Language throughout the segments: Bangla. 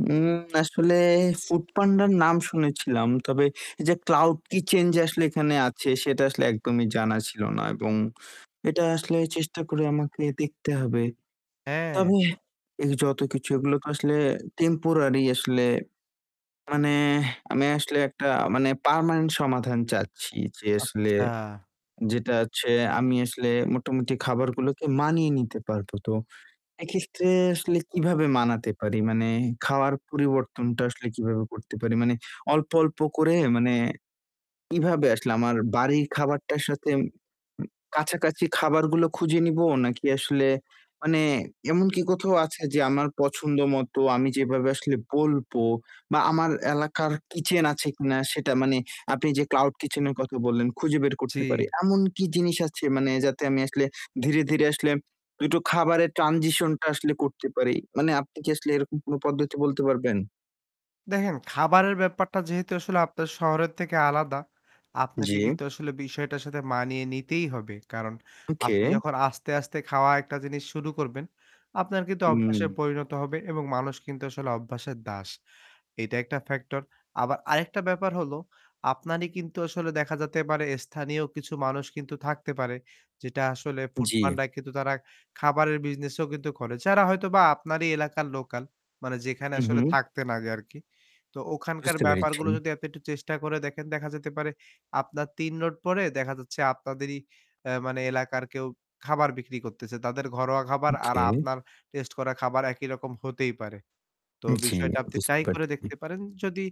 উম আসলে ফুড পান্ডার নাম শুনেছিলাম, তবে এই যে ক্লাউড কিচেন যে আসলে এখানে আছে সেটা আসলে একদমই জানা ছিল না এবং এটা আসলে চেষ্টা করে আমাকে দেখতে হবে। হ্যাঁ। তবে এই যতকিছু এগুলো তো আসলে টেম্পোরারি আসলে। মানে এহ আমি আসলে একটা মানে পার্মানেন্ট সমাধান চাচ্ছি, যে আসলে আচ্ছা। যেটা হচ্ছে আমি আসলে মোটামুটি খাবারগুলোকে মানিয়ে নিতে পারবো। তো এক্ষেত্রে আসলে কীভাবে মানাতে পারি? মানে খাওয়ার পরিবর্তনটা আসলে কীভাবে করতে পারি, মানে অল্প, অল্প করে মানে কীভাবে আসলে আমার বাড়ির খাবারটার সাথে কাছাকাছি খাবারগুলো খুঁজে নিবো? নাকি আসলে মানে এমন কি কোথাও আছে যে আমার পছন্দ মতো আমি যেভাবে আসলে বলব বা আমার এলাকার কিচেন আছে কিনা সেটা মানে আপনি যে ক্লাউড কিচেন এর কথা বললেন খুঁজে বের করতে পারি। জি। এমন কি জিনিস আছে মানে যাতে আমি আসলে ধীরে, ধীরে আসলে ২ টো খাবারের ট্রানজিশন টা আসলে করতে পারি? মানে আপনি কি আসলে এরকম কোনো পদ্ধতি বলতে পারবেন? দেখেন খাবারের ব্যাপারটা যেহেতু আসলে আপনার শহরের থেকে আলাদা, আপনাকে জ্বি। কিন্তু আসলে বিষয়টার সাথে মানিয়ে নিতেই হবে। কারণ ওকে। আপনি যখন আস্তে, আস্তে খাওয়া একটা জিনিস শুরু করবেন, আপনার কিন্তু অভ্যাসে হুম। পরিণত হবে এবং মানুষ কিন্তু আসলে অভ্যাসের দাস। এইটা একটা ফ্যাক্টর। আবার আরেকটা ব্যাপার হল আপনারই কিন্তু আসলে দেখা যেতে পারে স্থানীয় কিছু মানুষ কিন্তু থাকতে পারে। যেটা আসলে ফুড জ্বি। পান্ডা কিন্তু তারা খাবারের বিজনেসও কিন্তু করে। যারা হয়তোবা আপনারই এলাকার লোকাল, মানে যেখানে হু, আসলে হু। থাকতেন আগে আরকি। তো ওখানকার বুঝতে পেরেছি। ব্যাপারগুলো যদি এত একটু চেষ্টা করে দেখেন। দেখা যেতে পারে আপনার ৩ রোড পরে দেখা যাচ্ছে আপনাদেরই এ মানে এলাকার কেউ খাবার বিক্রি করতেছে। তাদের ঘরোয়া খাবার আর ওকে! আপনার টেস্ট করা খাবার একই রকম হতেই পারে। তো জ্বি। বিষয়টা আপনি বুঝতে ট্রাই করে পারছি। দেখতে পারেন। যদি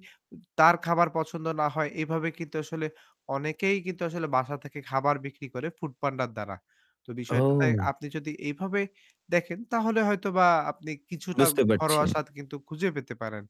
তা-তার খাবার পছন্দ না হয় এভাবে কিন্তু আসলে অনেকেই কিন্তু আসলে বাসা থেকে খাবার বিক্রি করে ফুড পান্ডা র দ্বারা। তো বিষয়টা ও! আপনি যদি এভাবে দেখেন তাহলে হয়তোবা আপনি কিছুটা বুঝতে পারছি। ঘরোয়া স্বাদ কিন্তু খুঁজে পেতে পারেন।